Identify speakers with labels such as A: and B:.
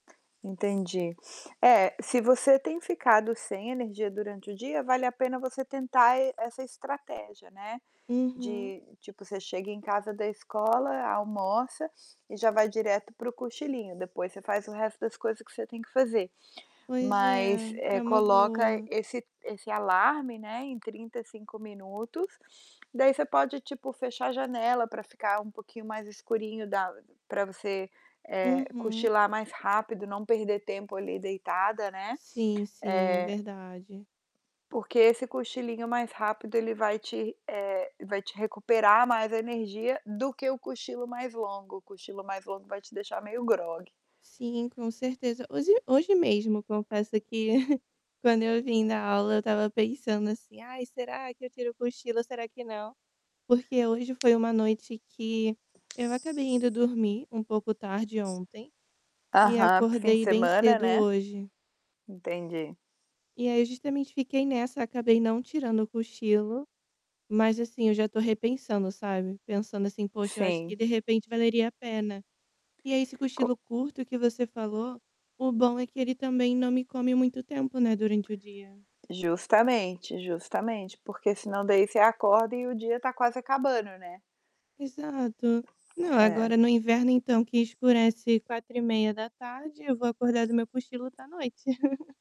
A: Entendi. É, se você tem ficado sem energia durante o dia, vale a pena você tentar e essa estratégia, né,
B: Uhum!
A: de tipo, você chega em casa da escola, almoça e já vai direto para o cochilinho, depois você faz o resto das coisas que cê tem que fazer.
B: Pois
A: Mas,
B: é,
A: eh,
B: é uma
A: coloca
B: boa.
A: esse esse alarme, né, em 35 minutos. Daí, você pode, tipo, fechar a janela pra ficar um pouquinho mais escurinho da pra você, eh,
B: Uhum.
A: cochilar mais rápido, não perder tempo ali deitada, né.
B: Sim, sim, é
A: Eh
B: verdade.
A: porque esse cochilinho mais rápido, ele vai te eh, vai te recuperar mais a energia, do que o cochilo mais longo. O cochilo mais longo vai te deixar meio grogue.
B: Sim, com certeza. Hoje hoje mesmo, confesso que quando eu vim da aula eu tava pensando, assim: "Ai, será que eu tiro o cochilo, será que não?", porque hoje foi uma noite que eu acabei indo dormir um pouco tarde ontem e
A: Aham, para o fim de
B: acordei bem
A: semana,
B: cedo
A: né?
B: hoje.
A: Entendi.
B: E aí, justamente fiquei nessa, acabei não tirando o cochilo, mas assim, eu já tô repensando, sabe, pensando assim: "Poxa, eu acho que
A: Sim.
B: de repente valeria a pena". E aí esse
A: Co
B: cochilo curto que você falou, o bom é que ele também não me come muito tempo, né, durante o dia.
A: Justamente, justamente, porque senão daí você acorda e o dia tá quase acabando, né?
B: Exato. Não,
A: É.
B: agora no inverno, então, que escurece 4:30, eu vou acordar do meu cochilo tá noite.